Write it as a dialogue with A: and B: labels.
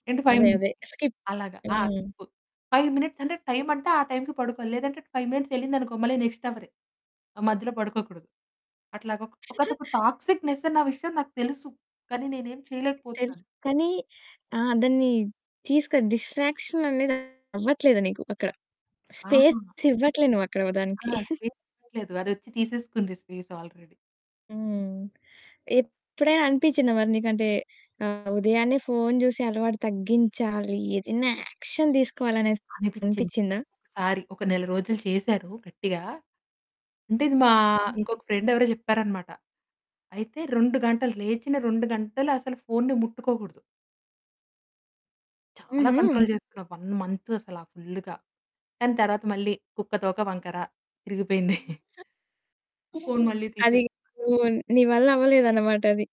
A: ఏంటి 5
B: అదే
A: మినిట్స్
B: అదే. స్కిప్
A: అలాగా ఆ!
B: హ్మ్.
A: 5 మినిట్స్ అంటే టైమ్ అంటే ఆ టైమ్‌కి పడుకోలి. లేదంటే 5 మినిట్స్ యెళ్ళిందనుకో, మళ్ళి నెక్స్ట్ అవరే. ఆ! మధ్యలో పడుకోకూడదు. అట్లాగొక్ ఒకానొక టాక్సిక్‌నెస్ అన్న విషయం నాకు తెలుసు. కానీ నేనేమి
B: తెలుసు
A: చేయలేకపోతున్నాను.
B: కానీ, ఆ! దాన్ని తీసుకొని డిస్ట్రాక్షన్ అనేది అవ్వట్లేదు నీకు అక్కడ.
A: ఆహా!
B: స్పేస్ ఇవ్వట్లేదు నువ్వక్కడ వ
A: ఆ!
B: దానికి.
A: స్పేస్ ఇవ్వలేదు. అదొచ్చి తీసేసుకుంది స్పేస్ ఆల్రెడీ.
B: హ్మ్. ఎప్పుడైనా అనిపిచ్చిందా మరి నీకంటే, ఆహ్, ఉదయాన్నే ఫోను జూసే అలవాటు తగ్గించాలి. ఏదన్నా యాక్షన్ దీసుకోవాలనేసి
A: అనిపిచ్చింది
B: అనిపిచ్చిందా?
A: ఒకసారి. ఒక నెల రోజులు చేశారు గట్టిగా. అంటే ఇది మా
B: హుహు.
A: ఇంకొక ఫ్రెండ్ ఎవరో చెప్పారనమాట. అయితే 2 గంటలు, లేచిన 2 గంటలు అసలు ఫోనుని ముట్టుకోగూడదు. చాలా
B: హుహు.
A: కంట్రోల్ చేసుకున్న 1 మంత్ అసల ఫుల్లుగా. కానీ తర్వాత మళ్ళీ "కుక్క తోక వంకర," తిరిగిపోయింది. ఫోను మళ్ళీ
B: అది
A: తీసేసి
B: నూన్ నీ వల్ల అవ్వలేదన్నమాట అది.